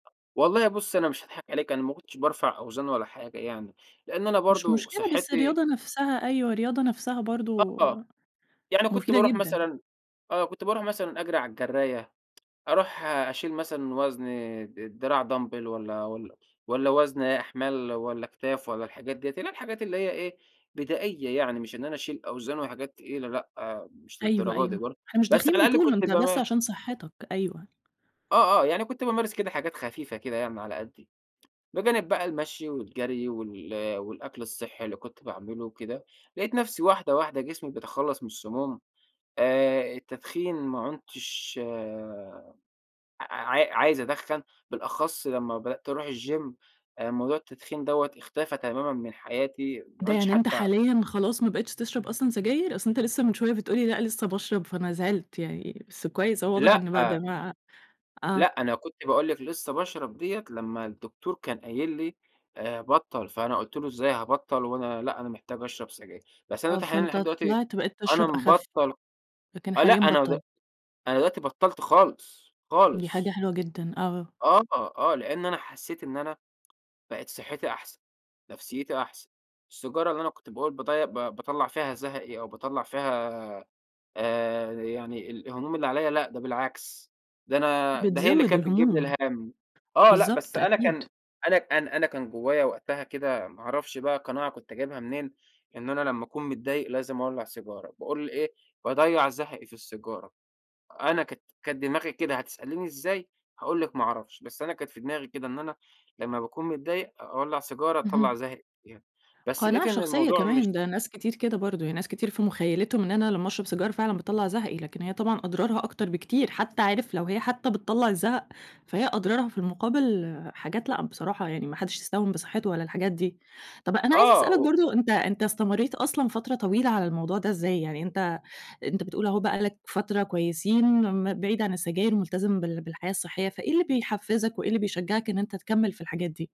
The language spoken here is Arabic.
والله بُصّي أنا مش هاضحك عليكِ، أنا ما كنتش بارفع أوزان ولا حاجة يعني، لإن أنا مش برضو مشكلة بس صحّتي رياضة نفْسها، أيوه، رياضة نفْسها برضو، آه، يعني كنت مفيدة بارُوح جدًا. مثلًا آه، كنت بارُوح مثلًا أجري على الجراية، أرُوح أشيل مثلًا وزن د دراع Dumbbell والّا والّا والّا وزن أحمال والّا أكتاف والّا الحاجات ديّة، اللي هي الحاجات اللي هي إيه، بدائية يعني مش إن أنا أشيل أوزان وحاجات تقيلة لأ، مش أيوه، للدرجة دي أيوه. برضو، إحنا مش بس داخلين على الأقل بطولة، كنت أنت بس باما عشان صحّتك، أيوه. آه، آه، يعني كنت بامارس كده حاجات خفيفة كده يعني على قدّي، بجانب بقى المشي والجري وال والأكل الصحّي اللي كنت باعمله وكده، لقيت نفْسي واحدة واحدة جسمي بيتخلّص من السموم، آآ التدخين ما عُنتش آآ ع عا عايز أدخّن، بالأخص لمّا بدأت أروح الgym، موضوع التدخين دوّة اختفى تمامًا من حياتي، ما ده عُدتش يعني أنت حتّى حاليًا خلاص ما بقيتش تشرب أصلًا سجاير؟ أصل أنت لسّه من شوية بتقول لي لأ لسّه باشرب فأنا زعِلت يعني، بس كويس أهو واضح لأ إن بعد ما لأ آه. أنا كنت باقول لِك لسّه باشرب ديّة، لمّا الدكتور كان قايل لي آآ بطَّل، فأنا قُلت له: "إزاي هابطَّل وأنا لأ أنا محتاج أشرب سجاير،" بس أنا آه، دلوقتي حاليًا فأنت لحد دلوقتي، طِلِعت بقيت أنا تشرَب أخف، مبطَّل لكن آه لأ حاليًا أنا د بطَّلت. أنا دلوقتي بطَّلت خالص، دي حاجة خالص. حلوة جدًا، آه. آه، آه، لإن أنا حسّيت إن أنا بقِت صحّتي أحسن، نفْسيتي أحسن، السيجارة اللي أنا كنت باقول بضي ب باطلَّع فيها زهقي، أو باطلَّع فيها آآ، يعني الهموم اللي عليَّ، لأ ده بالعكس، ده أنا ده هي اللي بتزوِّد كانت بتجيب لي الهموم، الهَم، آه لأ بس بالضبط أنا أكيد. كان أنا أنا أنا كان جوايا وقتها كده ما أعرفش بقى قناعة كنت جايبها منين، إن أنا لمّا أكون متضايق لازم أولَّع سيجارة، باقول إيه باضيَّع زهقي في السيجارة، أنا كانت كانت دماغي كده، هتسأليني إزاي، هاقول لِك ما أعرفش، بس أنا كانت في دماغي كده، إن أنا لمّا باكون متضايق أولَّع سيجارة أطلَّع اهم. زهقي فيها، بس لقيت قناعة إن شخصية الموضوع مش كمان، ده ناس كتير كده برضو، يعني ناس كتير في مُخيّلتهم إن أنا لمّا أشرب سيجارة فعلًا بتطلَّع زهقي، لكن هي طبعًا أضرارها أكتر بكتير، حتّى عارف لو هي حتّى بتطلَّع الزهق، فهي أضرارها في المقابل حاجات لأ بصراحة، يعني ما حدّش يستهون بصحّته ولا الحاجات دي، طَب أنا عايزة آه، أسألك و برضو أنت أنت استمريت أصلًا فترة طويلة على الموضوع ده إزاي، يعني أنت أنت بتقول أهو بقى لك فترة كويسين م بعيد عن السجاير ملتزم بال بالحياة الصحية، فإيه اللي بيحفِّزك وإيه اللي بيشجّعك إن أنت تكمّل في الحاجات دي؟